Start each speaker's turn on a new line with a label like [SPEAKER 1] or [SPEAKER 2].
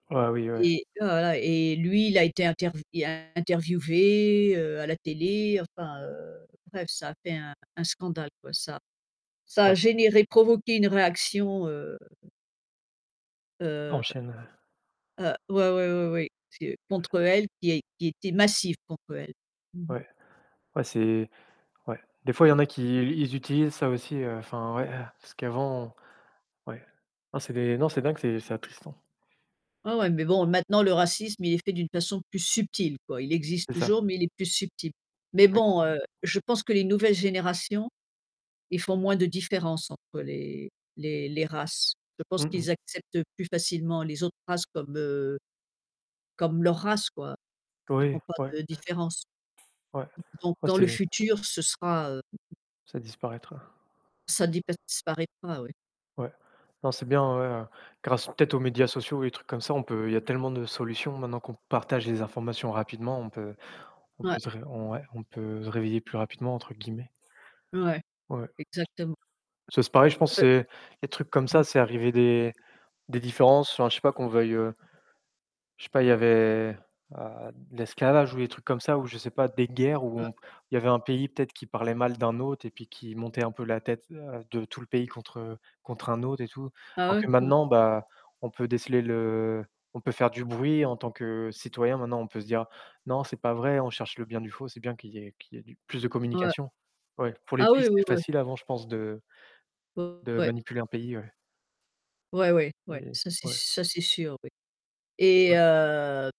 [SPEAKER 1] Ah oui, ouais.
[SPEAKER 2] Et tu vois, voilà, et lui, il a été intervi interviewé, heu, à la télé enfin, heu, bref, ça a fait un un scandale quoi, ça ça a
[SPEAKER 1] Ouais.
[SPEAKER 2] généré, provoqué une réaction, heu heu
[SPEAKER 1] Enchaîne, heu
[SPEAKER 2] heu ouais, ouais, ouais, oui. C'est contre elle qui es qui était massive contre elle. Mmh mh.
[SPEAKER 1] Ouais, ouais, c'est ouais, des fois il y en a qui ils ils utilisent ça aussi heu, enfin ouais, heu, parce qu'avant ouais. Non c'est des non c'est dingue, c'est c'est attristant.
[SPEAKER 2] Ouais, ouais, mais bon, maintenant le racisme, il est fait d'une façon plus subtile quoi. Il existe
[SPEAKER 1] C'est ça.
[SPEAKER 2] toujours, mais il est plus subtil, mais
[SPEAKER 1] Ouais.
[SPEAKER 2] bon, heu, je pense que les nouvelles générations, ils font moins de différence entre les les les races. Je pense
[SPEAKER 1] Mmh mh.
[SPEAKER 2] qu'ils acceptent plus facilement les autres races comme, heu, comme leur race quoi. Ils
[SPEAKER 1] Oui,
[SPEAKER 2] font pas
[SPEAKER 1] ouais.
[SPEAKER 2] de différence.
[SPEAKER 1] Ouais,
[SPEAKER 2] Donc
[SPEAKER 1] ouais
[SPEAKER 2] dans
[SPEAKER 1] c'est
[SPEAKER 2] le futur, ce sera, heu
[SPEAKER 1] Ça disparaîtra.
[SPEAKER 2] ça disparaîtra ouais.
[SPEAKER 1] Ouais. Non, c'est bien en vrai, heu, grâce peut-être aux médias sociaux et des trucs comme ça, on peut il y a tellement de solutions maintenant qu'on partage les informations rapidement, on peut on
[SPEAKER 2] Ouais.
[SPEAKER 1] peut se ré on ouais, on peut se «réveiller plus rapidement» entre guillemets.
[SPEAKER 2] Ouais,
[SPEAKER 1] Ouais.
[SPEAKER 2] exactement.
[SPEAKER 1] C'est pareil je pense
[SPEAKER 2] Heu
[SPEAKER 1] c'est les trucs comme
[SPEAKER 2] Mmh
[SPEAKER 1] ça, c'est arrivé des des différences, enfin je sais pas qu'on veuille, heu Je sais pas, il y avait, heu, l'esclavage ou des trucs comme ça ou je sais pas des guerres où
[SPEAKER 2] Un
[SPEAKER 1] on il y avait un pays peut-être qui parlait mal d'un autre et puis qui montait un peu la tête à de tout le pays contre, heu, contre un autre et tout
[SPEAKER 2] Ah,
[SPEAKER 1] alors
[SPEAKER 2] ouais,
[SPEAKER 1] que
[SPEAKER 2] hein.
[SPEAKER 1] maintenant bah on peut déceler le, on peut faire du bruit en tant que citoyen maintenant on peut se dire: «Non c'est pas vrai» on cherche le bien du faux, c'est bien qu'il y ait qu'il y ait du plus de
[SPEAKER 2] Ouais.
[SPEAKER 1] communication ouais, pour les
[SPEAKER 2] Ah oui,
[SPEAKER 1] pistes
[SPEAKER 2] oui,
[SPEAKER 1] c'est
[SPEAKER 2] oui.
[SPEAKER 1] facile avant je pense de de
[SPEAKER 2] Ouais.
[SPEAKER 1] manipuler un pays, ouais.
[SPEAKER 2] Ouais, ouais, ouais,
[SPEAKER 1] Et
[SPEAKER 2] ça c'est s
[SPEAKER 1] ouais.
[SPEAKER 2] ça c'est sûr oui, et
[SPEAKER 1] Ouais.
[SPEAKER 2] heu